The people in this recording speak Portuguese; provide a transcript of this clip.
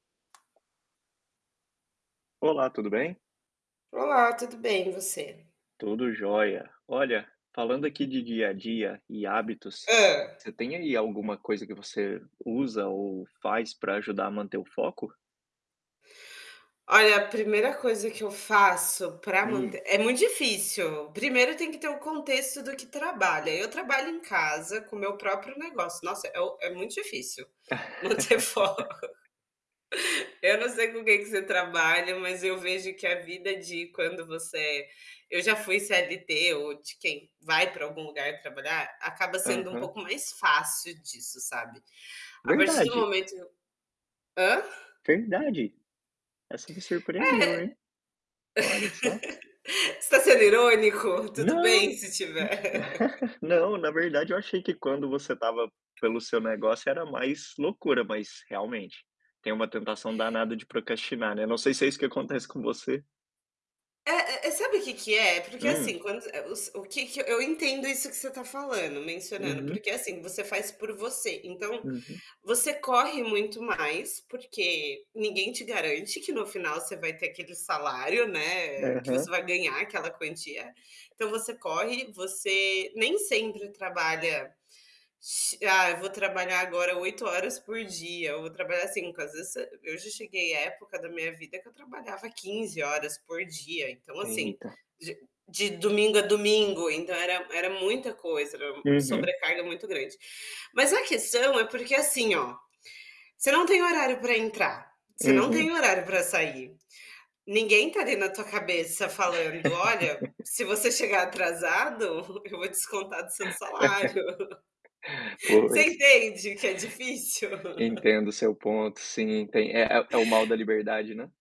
Olá, tudo bem? Olá, tudo bem e você? Tudo joia. Olha, falando aqui de dia a dia e hábitos, Hã. você tem aí alguma coisa que você usa ou faz para ajudar a manter o foco? Olha a 1º coisa que eu faço pra Hum. manter é muito difícil, 1º tem que ter o contexto do que trabalha, eu trabalho em casa com meu próprio negócio, nossa é o é muito difícil, manter foco. Eu não sei com quem que você trabalha mas eu vejo que a vida de quando você é eu já fui CLT ou de quem vai pra algum lugar trabalhar, acaba sendo um Aham. pouco mais fácil disso sabe? A partir do Verdade? momento Hã? Verdade? Essa me É surpreendeu hein? Olha só. Você tá sendo irônico? Tudo Não. bem se tiver. Não na verdade eu achei que quando você estava pelo seu negócio era mais loucura mas realmente, tem uma tentação danada de procrastinar, né, não sei se é isso que acontece com você. Eh eh, sabe o que que é? É porque, Hum. assim, quando o que que eu entendo isso que você tá falando, mencionando. Uhum. Porque assim, você faz por você então, Uhum. você corre muito mais porque ninguém te garante que no final você vai ter aquele salário, né, que você Aham. vai ganhar aquela quantia, então você corre, você nem sempre trabalha ah eu vou trabalhar agora 8 horas por dia, eu vou trabalhar 5 às vezes eu já cheguei a época da minha vida que eu trabalhava 15 horas por dia, então, Até, assim, irritar. de de domingo a domingo, então, era era muita coisa, era Uhum. sobrecarga muito grande. Mas a questão é porque, assim, ó, você não tem horário para entrar, você não Uhum. tem horário para sair, ninguém tá ali na tua cabeça falando: "Olha, se você chegar atrasado eu vou descontar do seu salário." Você Pois. entende que é difícil? Entendo o seu ponto, sim, tem é é o mal da liberdade, né?